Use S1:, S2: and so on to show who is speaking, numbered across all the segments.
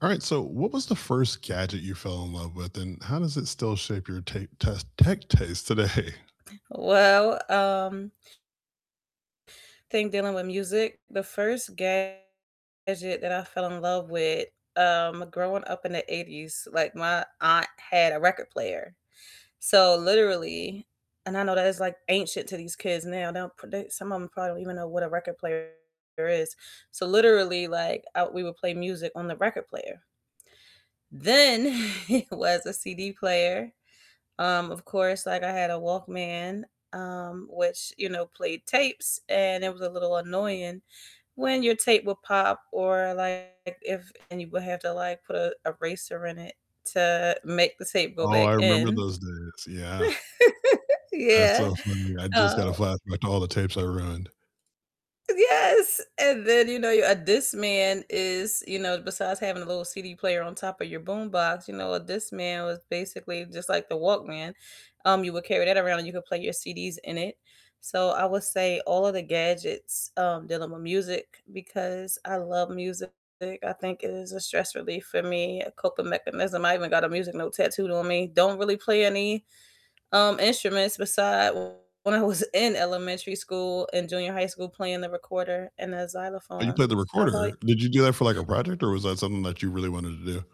S1: All right, so what was the first gadget you fell in love with, and how does it still shape your ta test tech taste today?
S2: Well, um Think dealing with music. The first gadget that I fell in love with, um, growing up in the '80s, like my aunt had a record player, so literally and I know that is like ancient to these kids now, they don't produ some of them probably don't even know what a record player is, so literally, like, uh, we would play music on the record player. Then it was a CD player, um, of course, like, I had a Walkman, um, which, you know, played tapes, and it was a little annoying when your tape would pop or like if and you would have to like put a eraser in it to make the tape go
S1: Oh,
S2: back
S1: I remember
S2: in.
S1: those days, yeah. That's
S2: Yeah,
S1: so funny, I just
S2: uh
S1: got a flashback to all the tapes I ruined.
S2: Yes! And then, you know, a Discman is, you know, besides having a little CD player on top of your boombox, you know, a Discman was basically just like the Walkman, um, you would carry that around and you could play your CDs in it, so I would say all of the gadgets, um, dealing with music because I love music. I think it is a stress relief for me, a coping mechanism, I even got a music note tattooed on me, don't really play any, um, instruments beside when I was in elementary school and junior high school playing the recorder and the
S1: Oh, you played
S2: xylophone.
S1: the
S2: How about
S1: recorder? Did you do that for, like, a project or was that something that you really wanted to do?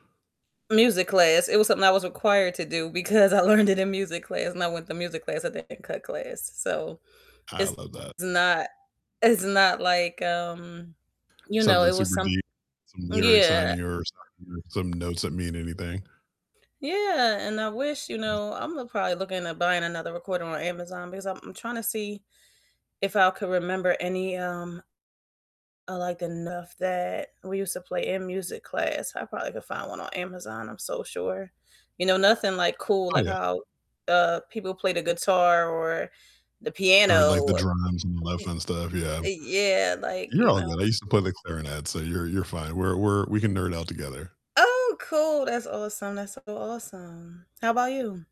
S2: Music class, it was something I was required to do because I learned it in music class, and I went to music class, I didn't cut class, so
S1: I
S2: it's
S1: love that.
S2: not it's not like, um, you know, it
S1: Something
S2: was
S1: super
S2: some
S1: deep with some lyrics on
S2: yeah.
S1: here or something or some notes that mean anything.
S2: Yeah, and I wish, you
S1: [unintelligible]
S2: know Imma probably look into buying another recorder on Amazon because I'm trying to see if I could remember any, um, I liked enough that we used to play in music class. I probably could find one on Amazon, I'm so sure, you know, nothing like cool,
S1: Oh,
S2: like
S1: yeah.
S2: how, uh, people play the guitar or the
S1: Or like the
S2: piano.
S1: drums and the [unintelligible]
S2: Y
S1: and stuff, yeah.
S2: yeah, like,
S1: You're
S2: you
S1: all
S2: know.
S1: good, I used to play the clarinet, so you're you're fine. We're we're we can nerd out together.
S2: Oh, cool! That's awesome, that's so awesome. How 'bout you?